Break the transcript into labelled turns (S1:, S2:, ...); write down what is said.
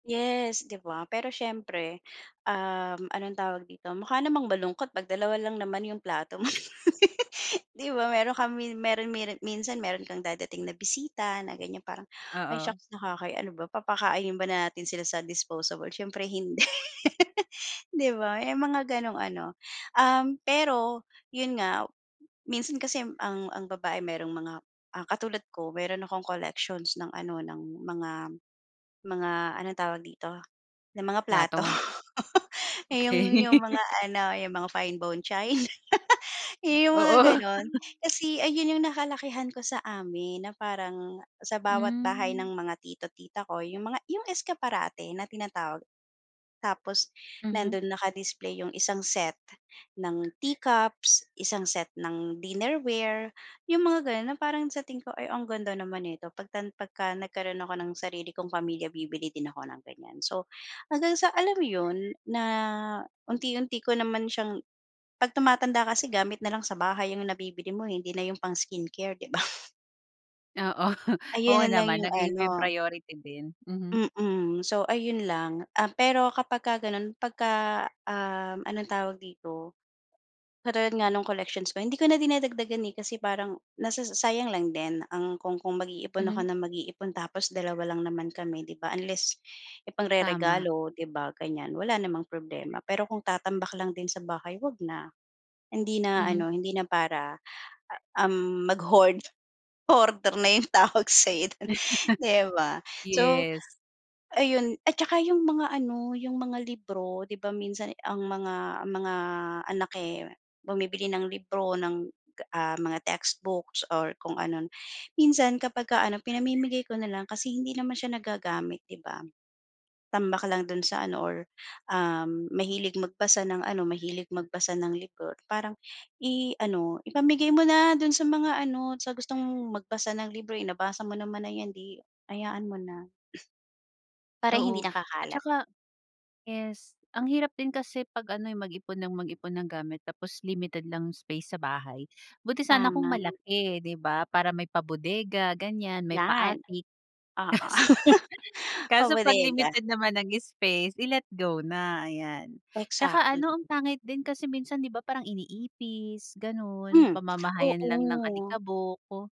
S1: Yes, 'di ba, pero siyempre, um, anong tawag dito mukha namang malungkot 'pag dalawa lang naman 'yong plato mo. 'Di ba, meron ka mi meron meri minsan meron kang dadating na bisita na ganiyan parang ay
S2: Oo.
S1: shucks nakahiya ano ba papakain ba natin sila sa disposable, siyempre hindi di ba, may mga gano'ng ano. Um, pero 'yun nga, minsan kasi ang ang babae merong mga, ah, katulad ko meron akong collections ng ano, ng mga mga anong tawag dito, ng mga plato.
S2: Plato.
S1: Iyong
S2: Okey.
S1: 'yung mga ano, 'yung mga fine bone china, iyong mga
S2: Oo.
S1: gano'n. Kasi ayun 'yung nakalakihan ko sa amin na parang sa bawat bahay ng
S2: Hmm.
S1: mga tito, tita ko 'yung mga 'yung escaparate na tinatawag, tapos
S2: Mhm.
S1: nando'n naka-display 'yung isang set ng tea cups, isang set ng dinnerware, 'yung mga gano'n na parang sa tingin ko, "Ay ang ganda naman nito, pagtan pagka nagkaroon ako ng sarili kong pamilya bibili din ako ng ganiyan." So hanggang sa alam mo 'yun na unti-unti ko naman siyang pag tumatanda kasi gamit nalang sa bahay 'yung nabibili mo, eh, hindi na 'yung pang skincare, di ba?
S2: Oo, oo
S1: Ayan na lang
S2: naman
S1: yung
S2: nag-iiba 'yung
S1: ano.
S2: priority din, mhm.
S1: Mm, so ayun lang, um, pero kapagka gano'n, pagka, um, anong tawag dito, katulad nga ng collections ko hindi ko na dinagdagan, eh, kasi parang nasasa sayang lang din ang kung kung mag-iipon ako
S2: Mhm.
S1: na mag-iipon tapos dalawa lang naman kami 'di ba, unless
S2: Tama.
S1: ipangreregalo 'di ba ganiyan wala namang problema. Pero kung tatambak lang din sa bahay, huwag na, hindi na
S2: Mhm.
S1: ano hindi na para, um, mag-hoard, hoarder na 'yung tawag sa'yo do'n, 'di ba? So
S2: Yes.
S1: ayun at saka 'yung mga ano, 'yung mga libro, di ba, minsan ang mga mga anak, eh, bumibili ng libro ng, ah, mga textbooks or kung ano, minsan kapagka ano pinamimigay ko na lang kasi hindi naman siya nagagamit di ba? Tambak lang do'n sa ano or um, mahilig magbasa ng ano, mahilig magbasa ng libro parang i ano ipamigay mo na do'n sa mga ano, sa gustong magbasa ng libro, eh, nabasa mo naman na 'yan, 'di hayaan mo na. Para hindi
S2: Oo, at
S1: nakakalat.
S2: saka yes, ang hirap din kasi pag ano, eh, mag-ipon nang mag-ipon ng gamit tapos limited lang 'yung space sa bahay, buti sana kung
S1: Tama.
S2: malaki, di ba, para may pa bodega ganiyan, may pa
S1: Yan,
S2: attic,
S1: oo,
S2: kaso
S1: pa
S2: kaso
S1: bodega.
S2: pag-limited naman ang space, i-let go na, ayan. Tsaka ano
S1: Exactly.
S2: ang pangit din, kasi minsan di ba, parang iniipis gano'n,
S1: Hmm,
S2: pamamahayan lang ng
S1: oo.
S2: alikabok.